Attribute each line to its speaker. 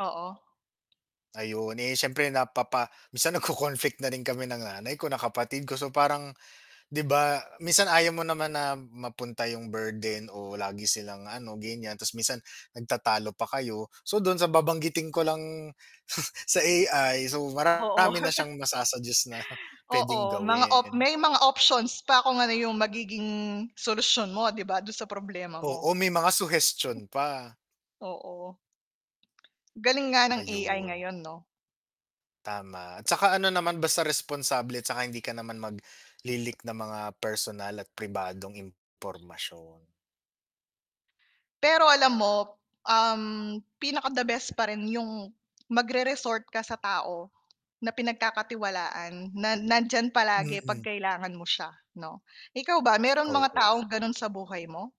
Speaker 1: Oo.
Speaker 2: Ayun, eh, siyempre napapa minsan nag-ko-conflict na rin kami ng nanay ko, ng kapatid ko, so parang, 'di ba, minsan ayaw mo naman na mapunta 'yung burden o lagi silang ano, ganiyan, ta's minsan nagtatalo pa kayo. So, dun sa babanggitin ko lang sa AI, so parang
Speaker 1: Oo.
Speaker 2: marami na siyang masa-suggest na p'wedeng
Speaker 1: Oo, mga op
Speaker 2: gawin.
Speaker 1: may mga options pa kung ano 'yung magiging solusyon mo, 'di ba, dun sa problema mo.
Speaker 2: Oo, may mga suhestion pa.
Speaker 1: Oo. Galing nga ng AI
Speaker 2: Ayun.
Speaker 1: ngayon, 'no?
Speaker 2: Tama, at saka ano naman, basta responsable 'tsaka hindi ka naman magli-leak ng mga personal at pribadong impormasyon.
Speaker 1: Pero alam mo, um, pinaka the best pa rin 'yung magre resort ka sa tao na pinagkakatiwalaan, na nandiyan palagi 'pag
Speaker 2: Mm.
Speaker 1: kailangan mo siya 'no? Ikaw ba, meron mga
Speaker 2: Oo.
Speaker 1: taong gano'n sa buhay mo?